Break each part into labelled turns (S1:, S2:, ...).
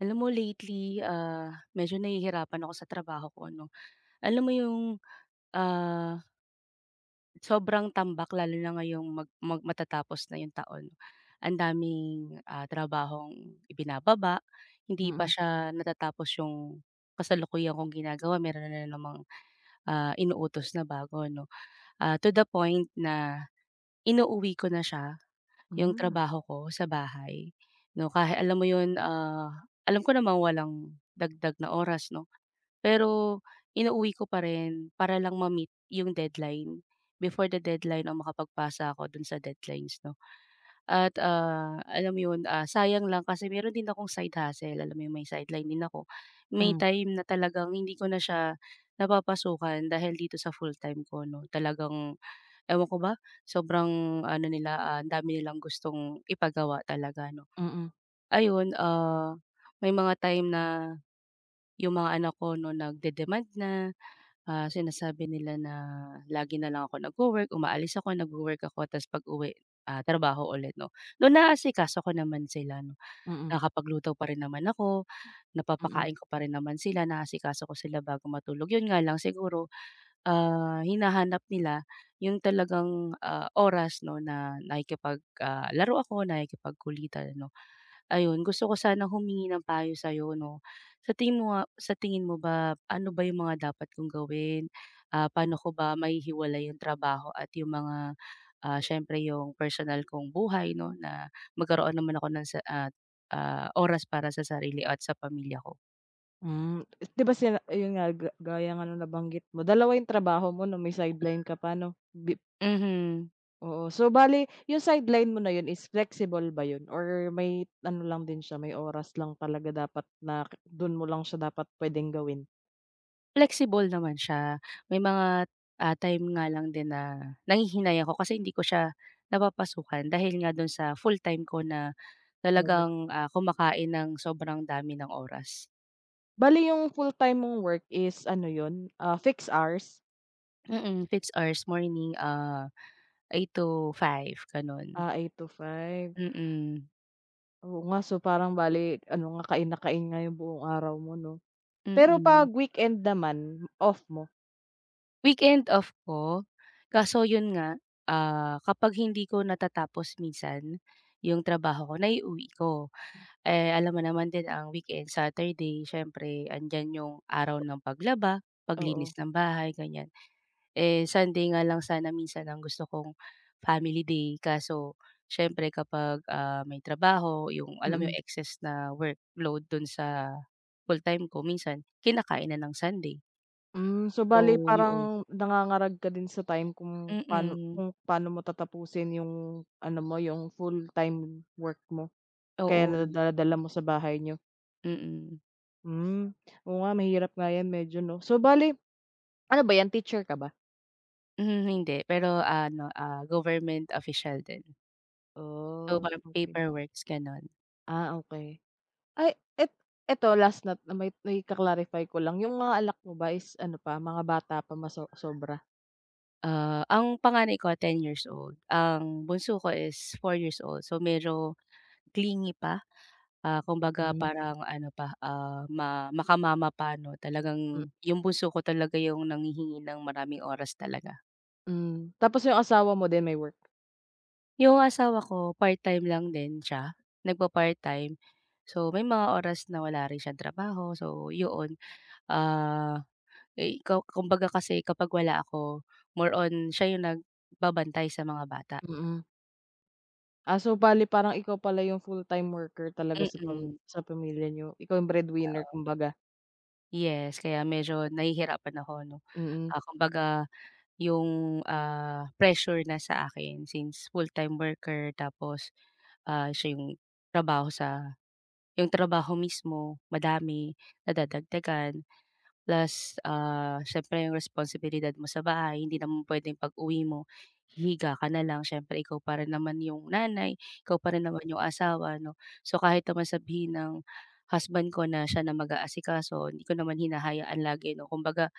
S1: Alam mo lately, ah, medyo nahihirapan ako sa trabaho ko 'no. Alam mo 'yung ah Sobrang tambak lalo na ngayong mag mag matatapos na 'yung taon. Ang daming, ah, trabahong ibinababa, hindi pa
S2: Mm.
S1: siya natatapos 'yung kasalukuyan kong ginagawa meron na namang, ah, inuutos na bago 'no. Ah, to the point na, inuuwi ko na siya, 'yung
S2: Hmm.
S1: trabaho ko sa bahay 'no ka alam mo 'yon, ah, alam ko namang walang dagdag na oras 'no, pero inuuwi ko pa rin para lang ma-meet 'yung deadline, before the deadline 'no makapagpasa ako do'n sa deadlines 'no. At, ah, alam mo 'yon, ah, sayang lang kasi meron din akong side hustle, alam mo 'yong may sideline din ako. May
S2: Hmm.
S1: time na talagang hindi ko na siya napapasukan dahil dito sa full-time ko 'no, talagang ewan ko ba sobrang ano nila, ah, dami nilang gustong ipagawa talaga 'no.
S2: Mm.
S1: Ayun, ah, may mga time na 'yung mga anak ko 'no nagde-demand na, ah, sinasabi nila na lagi na lang ako nagwo-work, umaalis ako, nagwo-work ako, ta's pag-uwi, ah, trabaho ulit 'no. Though naasikaso ko naman sila,
S2: Mm.
S1: nakakapagluto pa rin naman ako,
S2: Mm.
S1: napapakain ko pa rin naman sila, naasikaso ko sila bago matulog, 'yun nga lang siguro, ah, hinahanap nila 'yung talagang, ah, oras 'no na nakikipag, ah, laro ako, nakikipagkulitan 'no. Ayun gusto ko sanang humingi ng payo sa'yo 'no, sa tingin mo, ah, sa tingin mo ba ano ba 'yung mga dapat kong gawin, ah, pa'no ko ba mahihiwalay 'yung trabaho at 'yung mga, ah, siyempre 'yung personal kong buhay 'no na magkaroon naman ako ng sa at, ah, oras para sa sarili at sa pamilya ko?
S2: Hmm, i di ba, sila iyun nga, ga gaya nga ng nabanggit mo, dalawa 'yung trabaho mo 'no, may sideline ka pa ano? Bip
S1: Mhm.
S2: Oo, so bale 'yung sideline mo na 'yun is flexible ba 'yun or may ano lang din siya, may oras lang talaga dapat na ke do'n mo lang siya dapat puwedeng gawin?
S1: Flexible naman siya, may mga, ah, time nga lang din na nanghihinay ako kasi hindi ko siya napapasukan dahil nga do'n sa fulltime ko na
S2: [unintelligible]
S1: talagang, ah, kumakain ng sobrang dami ng oras.
S2: Bale 'yung fulltime mong work is ano 'yun, ah, fixed hours?
S1: Mm, fix hours morning, ah, 8-5 gano'n.
S2: Ah, 8-5.
S1: Mm.
S2: Oo, nga, so parang bale ano nga kain na kain nga 'yung buong araw mo 'no. Pero 'pag
S1: Mm.
S2: weekend naman, off mo?
S1: Weekend off ko, kaso 'yon nga, ah, kapag hindi ko natatapos minsan 'yong trabaho ko, naiuwi ko. Eh, alam mo naman din ang weekend Saturday siyempre andiyan 'yong araw ng paglaba, paglinis
S2: Oo.
S1: ng bahay, ganiyan. Eh, Sunday nga lang sana minsan ang gusto kong family day, kaso siyempre kapag, ah, may trabaho 'yong, alam mo 'yong
S2: Mm.
S1: excess na workload do'n sa full-time ko minsan, kinakain na ng Sunday.
S2: Hmm, so bale
S1: So 'yon.
S2: parang nangangarag ka din sa time kung pa'no
S1: Mm.
S2: kung pa'no mo tatapusin 'yong ano mo, 'yung full-time work mo, kaya
S1: Oo, eh.
S2: nadala-dala mo sa bahay niyo?
S1: Mm.
S2: Hmm, oo, nga mahirap nga 'yan medyo 'no so bale, ano ba 'yan teacher ka ba?
S1: Hmm, hindi pero ano, ah, government official din. Oo,
S2: Oh,
S1: parang
S2: okey.
S1: paperworks gano'n.
S2: Ah, okey. Ay, et eto last na 'to, may may ka-clarify ko lang 'yung mga anak mo ba is ano pa mga bata pa maso sobra?
S1: Ah, ang panganay ko 10 years old, ang bunso ko is 4 years old, so medyo clingy pa, ah, kumbaga
S2: Hmm.
S1: parang ano pa, ah, ma maka mama pa 'no
S2: M
S1: talagang 'yung bunso ko talaga 'yung nanghihingi ng maraming oras talaga.
S2: Hmm, tapos 'yung asawa mo din may work?
S1: 'Yung asawa ko part-time lang din siya, nagpa-part time. So may mga oras na wala rin siyang trabaho, so 'yon, ah, eh, kaw kumbaga kasi kapag wala ako, more on siya 'yung nagbabantay sa mga bata.
S2: Mm. Ah, so bale parang ikaw pala 'yung full-time worker talaga sa pam
S1: Mm.
S2: sa pamilya niyo, ikaw 'yung breadwinner
S1: Oo.
S2: kumbaga?
S1: Yes, kaya medyo nahihirapan ako, 'no.
S2: Mm.
S1: Ah, kumbaga 'yung, ah, pressure na sa akin, since full-time worker tapos, ah, siya 'yung trabaho sa 'yung trabaho mismo madami, nadadagdagan, plus, ah, siyempre 'yung responsibilidad mo sa bahay hindi naman puwedeng pag-uwi mo hihiga ka na lang siyempre ikaw pa rin naman 'yung nanay, ikaw pa rin naman 'yung asawa 'no. So kahit naman sabihin ng husband ko na siya na mag-aasikaso, 'di ko naman hinahayaan lagi 'no, kumbaga,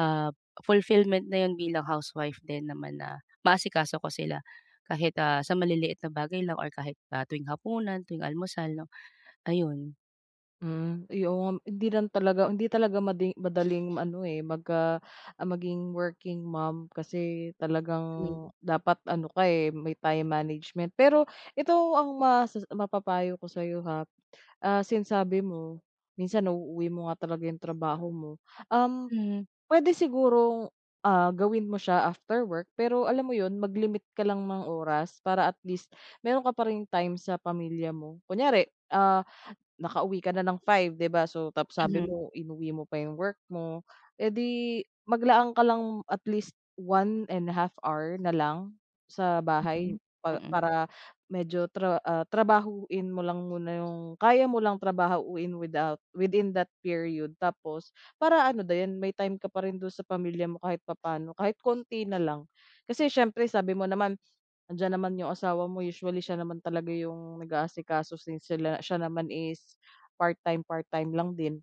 S1: ah, fulfillment na 'yun bilang housewife din naman na maasikaso ko sila, kahit, ah, sa maliliit na bagay lang or kahit, ah, tuwing hapunan, tuwing almusal, 'no, ayun.
S2: Mm, uy, oo nga hindi lang talaga hindi talaga madi madaling ano eh, magka ah, maging working mom kasi
S1: Hmm.
S2: talagang, dapat ano ka, eh, may time management. Pero ito ang mas mapapayo ko sa'yo ha, ah, since sabi mo, minsan nauuwi mo nga talaga 'yong trabaho mo, um,
S1: Hmm.
S2: puwede sigurong, ah, gawin mo siya after work pero alam mo 'yon, mag-limit ka lang ng oras para at least, meron ka pa ring time sa pamilya mo. Kunyari, ah, nakauwi ka na ng 5, 'di ba, so tapos sabi
S1: Mhm.
S2: mo inuwi mo pa 'yong work mo, eh di maglaan ka lang at least 1 1/2 na lang, sa bahay
S1: Mm,
S2: pa
S1: mm.
S2: para medyo tra ah, trabahuin mo lang muna 'yung kaya mo lang trabahuhin without within that period tapos para ano din may time ka pa rin do'n sa pamilya mo kahit papaano kahit konti na lang. Kasi siyempre sabi mo naman andiyan naman 'yong asawa mo usually siya naman talaga 'yong nag-aasikaso since sila siya naman is part-time, part-time lang din.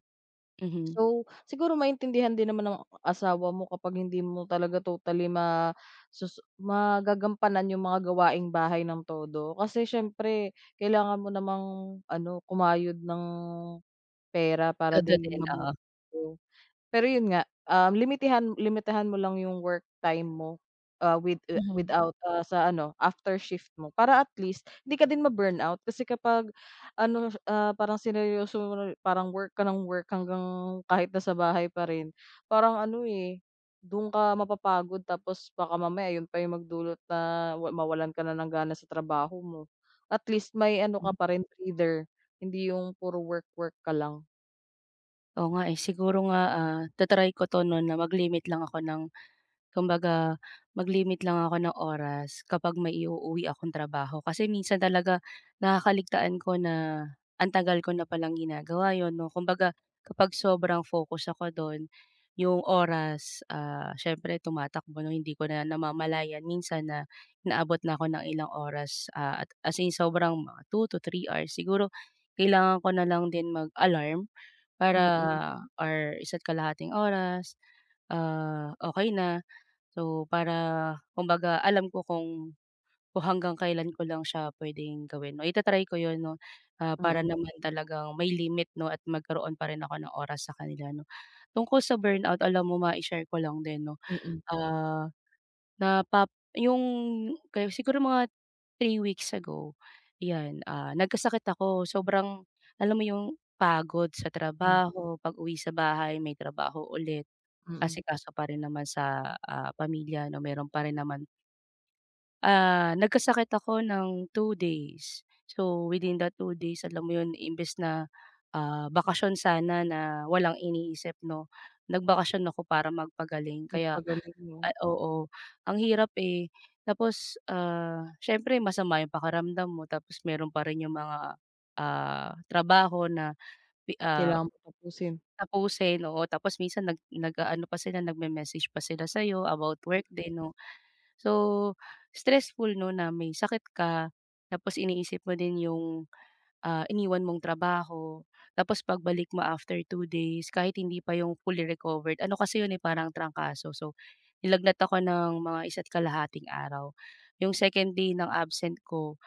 S1: Mhm.
S2: So siguro maintindihan din naman ng asawa mo kapag hindi mo talaga totally ma susu magagampanan 'yung mga gawaing bahay ng todo, kasi siyempre kailangan mo namang ano, kumayod ng pera para
S1: Todo
S2: din
S1: din,
S2: mabuhay
S1: oo.
S2: kayo. Pero 'yun nga, um, limitihan limitihan mo lang 'yung work time mo, ah, with ah,
S1: Mhm.
S2: without, ah, sa ano after shift mo para at least hindi ka din ma-burnout kasi kapag, ano, ah, parang sineryoso mo, parang work ka nang work hanggang kahit nasa bahay pa rin parang ano, eh, dun ka mapapagod tapos baka mamaya 'yun pa 'yung magdulot na ma mawalan ka na ng gana sa trabaho mo. At least may ano ka
S1: Hmm.
S2: pa rin breather, hindi 'yung puro work-work ka lang.
S1: Oo, nga, eh, siguro nga, ah, ta-try ko 'to 'no, na mag-limit lang ako ng, kumbaga mag-limit lang ako ng oras kapag may i-uuwi akong trabaho. Kasi minsan talaga nakakaligtaan ko na antagal ko na palang ginagawa 'yun, 'no, kumbaga kapag sobrang focus ako do'n, 'yung oras, ah, siyempre tumatakbo 'no, hindi ko na namamalayan minsan na inaabot na ako ng ilang oras, ah, at as in sobrang mga 2 to 3 hours. Siguro kailangan ko na lang din mag-alarm para
S2: Mm.
S1: or 1 1/2 oras, ah, okey na, so para kumbaga alam ko kung kung hanggang kailan ko lang siya puwedeng gawin. Oh, i-ta-try ko 'yon 'no, ah, para
S2: Mm.
S1: naman talagang may limit 'no, at magkaroon pa rin ako ng oras sa kanila 'no. Tungkol sa burnout, alam mo ma-i-share ko lang din 'no,
S2: Mm.
S1: ah, na pap 'yung kaya siguro mga 3 weeks ago, 'yan, ah, nagkasakit ako, sobrang alam mo 'yung pagod sa
S2: Hmm.
S1: trabaho pag-uwi sa bahay may trabaho ulit,
S2: Mm.
S1: asikaso pa rin naman sa, ah, pamilya 'no, meron pa rin naman. Ah, nagkasakit ako ng 2 days. So within that 2 days, alam mo 'yon, imbes na, ah, bakasyon sana na, walang iniisip 'no, nagbakasyon ako para magpagaling. Kaya,
S2: Magpagaling 'no.
S1: eh oo. Ang hirap, eh. Tapos, ah, siyempre masama yung pakiramdam mo, tapos meron pa rin yung mga, ah, trabaho na pi ah,
S2: Kailangan mong tapusin.
S1: tapusin, oo, tapos minsan nag nag-aano pa sila, nagme-message pa sila sa 'yo about work
S2: Mm.
S1: din 'no. So, stressful 'no na may sakit ka, tapos iniisip mo din yung, ah, iniwan mong trabaho. Tapos pagbalik mo after 2 days kahit hindi pa yung fully recovered, ano kasi 'yon, eh, parang trangkaso. So, nilagnat ako ng mga isa't kalahating araw. Yung second day ng absent ko,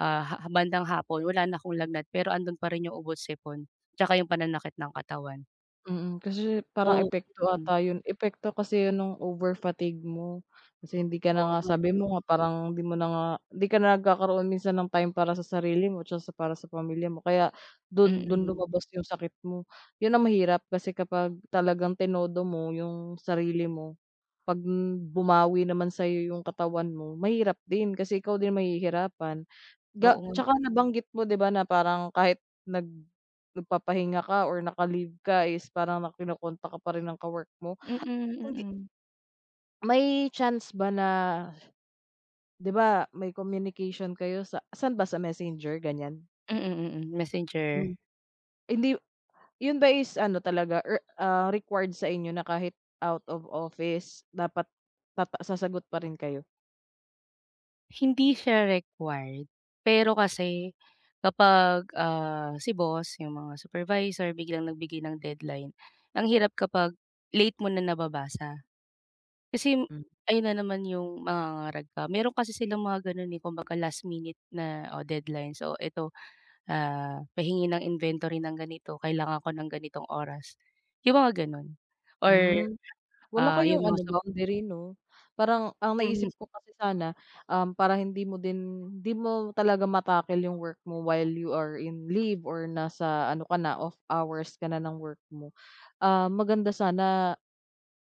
S1: ah, ha ha bandang hapon, wala na akong lagnat pero ando'n pa rin yung ubo't sipon, tsaka yung pananakit ng katawan.
S2: Mm, kasi parang
S1: So
S2: epekto
S1: mm.
S2: ata yun epekto kasi yan no'ng overfatigue mo. Kasi hindi ka na
S1: Oo
S2: nga
S1: nga,
S2: sabi
S1: eh.
S2: mo nga, parang hindi mo na nga 'di ka na nagkakaroon minsan ng time para sa sarili mo, tsaka sa para sa pamilya mo, kaya do'n do'n
S1: Mm.
S2: lumabas yung sakit mo. Yun ang mahirap kasi kapag, talagang tinodo mo yung sarili mo, 'pag bumawi naman sa 'yo yung katawan mo, mahirap din kasi ikaw din mahihirapan. Ga
S1: Oo nga.
S2: tsaka nabanggit mo 'di ba na parang kahit nag nagpapahinga ka or naka-leave ka is parang na kino-contact ka pa rin ng ka-work mo.
S1: Mm,
S2: Hindi
S1: mm.
S2: May chance ba na 'di ba may communication kayo, sa saan ba sa messenger, ganiyan?
S1: Mm, mm, messenger.
S2: Hmm, hindi yu 'yun ba is ano talaga, eh, ah, required sa inyo na kahit out of office dapat tata sasagot pa rin kayo?
S1: Hindi siya required, pero kasi kapag, ah, si boss, 'yung mga supervisor biglang nagbigay ng deadline, ang hirap kapag late mo na nababasa. Kasi
S2: Hmm.
S1: ayun na naman 'yung mangangarag ka. Meron kasi silang mga gano'n, eh, kumbaga last minute na o deadlines, so eto, "ah, pahingi ng inventory ng ganito, kailangan ko ng ganitong oras," 'yung mga gano'n or,
S2: Hmm, wala
S1: ah, 'yung
S2: kayong
S1: mga
S2: ano
S1: sup
S2: boundary 'no? Parang ang naisip
S1: Mhm.
S2: ko kasi sana, um, para hindi mo din 'di mo talaga ma-tackle 'yung work mo while you are in leave or nasa ano ka na, off hours ka na ng work mo, ah, maganda sana,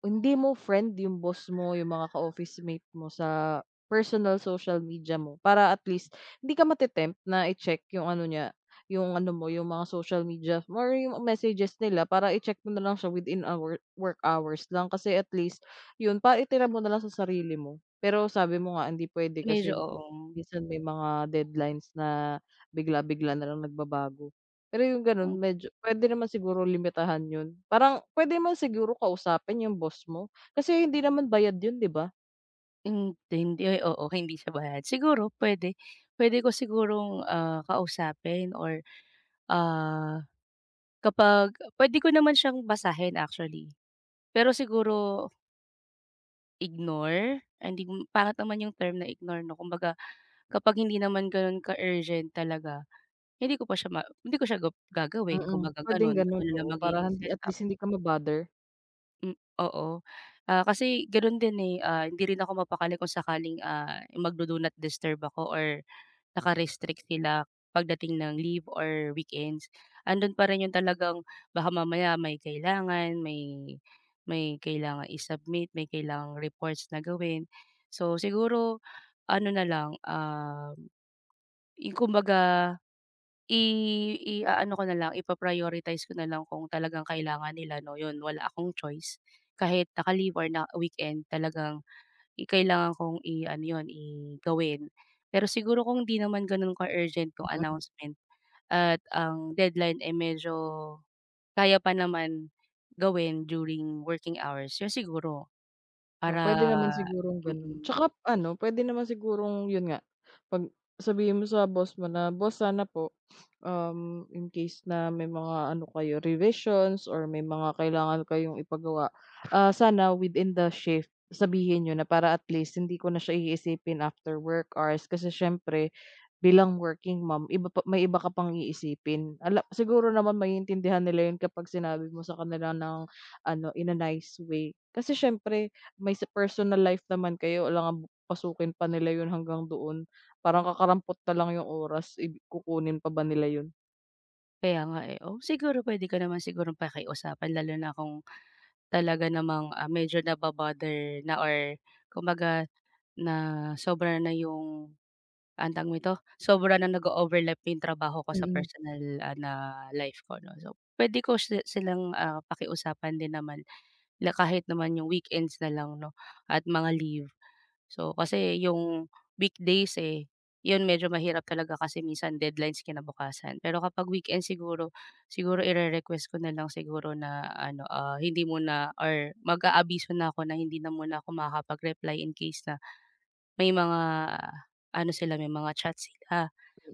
S2: hindi mo friend 'yung boss mo, 'yung mga ka-officemate mo sa personal social media mo, para at least hindi ka mate-tempt na i-check 'yung ano niya 'yung ano mo, 'yung mga social media, or 'yung messages nila para i-check mo na lang siya within, ah, wo work hours lang, kasi at least 'yun para itira mo na lang sa sarili mo. Pero sabi mo nga, hindi puwede
S1: Medyo,
S2: kasi
S1: oo.
S2: minsan may mga deadlines na bigla-bigla na lang nagbabago. Pero 'yung gano'n
S1: Hmm.
S2: medyo puwede naman siguro limitahan 'yun, parang puwede naman siguro kausapin 'yung boss mo, kasi hindi naman bayad 'yun, 'di ba?
S1: Hindi hin ay, oo, hindi siya bayad. Siguro puwede, puwede ko sigurong, ah, kausapin or, ah, kapag puwede ko naman siyang basahin actually. Pero siguro ignore, ay, hindi, pangit naman yung term na ignore, 'no, kumbaga kapag hindi naman gano'n ka-urgent talaga, hindi ko pa siya ma hindi ko siya gop gagawin
S2: Mm,
S1: kumbaga
S2: puwedeng
S1: ganun.
S2: ganun,
S1: Yun na
S2: oo, para
S1: magiging
S2: hindi at
S1: setup.
S2: least hindi ka ma-bother.
S1: M oo, ah, kasi gano'n din eh, ah, hindi rin ako mapakali kung sakaling, ah, magdo-do not disturb ako or naka-restrict sila pagdating ng leave or weekends, andoon pa rin yung talagang baka mamaya may kailangan, may may kailangang i-submit, may kailangang reports na gawin. So, siguro ano na lang, um, i kumbaga, i iaano ko nalang, ipa-prioritize ko nalang kung talagang kailangan nila, 'no, 'yon, wala akong choice kahit naka-leave or na weekend talagang i kailangan kong iano 'yon, i gawin. Pero siguro kung hindi naman gano'n ka-urgent yung
S2: Mm.
S1: announcement at ang deadline ay medyo kaya pa naman gawin during working hours, 'yon siguro.
S2: Oh, puwede
S1: Para
S2: naman sigurong ganun
S1: mm.
S2: tsaka, ano, puwede naman sigurong, yun nga, 'pag sabihin mo sa boss mo na, "Boss sana po, um, in case na may mga ano kayo, revisions or may mga kailangan kayong ipagawa, ah, sana within the shift, sabihin niyo na para at least hindi ko na siya iisipin after work hours." Kasi siyempre bilang working mom, iba pa may iba ka pang iisipin, ala Siguro naman maiintindihan nila yun kapag sinabi mo sa kanila ng ano, in a nice way. Kasi siyempre may sa personal life naman kayo alangang pasukin pa nila yun hanggang doon parang kakarampot nalang yung oras eh, kukunin pa ba nila yun.
S1: Kaya nga eh, oh, siguro puwede ko naman sigurong pakiusapan lalo na kung talaga namang, ah, medyo nabo-bother na or kumbaga, na sobra na yung, anong tawag nito, sobra na nag-o-overlap yung trabaho ko sa
S2: Mm.
S1: personal, ah, na life ko, 'no? So, puwede ko si silang, ah, pakiusapan din naman, la kahit naman yung weekends nalang, 'no at mga leave. So, kasi yung weekdays eh, 'yon, medyo mahirap talaga kasi minsan deadlines kinabukasan. Pero kapag weekend siguro, siguro ire-request ko nalang siguro na ano, ah, hindi muna or mag-aabiso na ako na hindi na muna ako makakapag-reply in case na, may mga ano sila, may mga chats sila,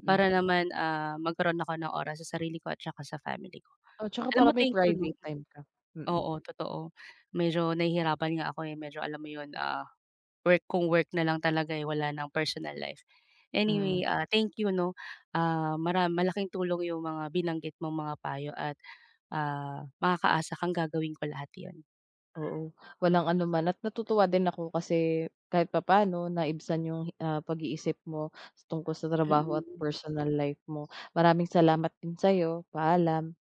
S2: Mm.
S1: para naman, ah, magkaroon ako ng oras sa sarili ko at tsaka sa family ko.
S2: Oo, 'tsaka
S1: Alam
S2: para
S1: mo
S2: may
S1: thank you, 'no.
S2: private time ka, mm.
S1: Oo, totoo, medyo nahihirapan nga ako eh, medyo alam mo yun, ah, work kung work nalang talaga eh, wala ng personal life. Anyway,
S2: Mm.
S1: ah, thank you, 'no. Ah, mara malaking tulong yung mga binanggit mong mga payo at, ah, makakaasa kang gagawin ko lahat yun.
S2: Oo, walang anuman at natutuwa din ako kasi kahit papaano naibsan yung, ah, pag-iisip mo tungkol sa trabaho at
S1: Mm.
S2: personal life mo. Maraming salamat din sa'yo. Paalam.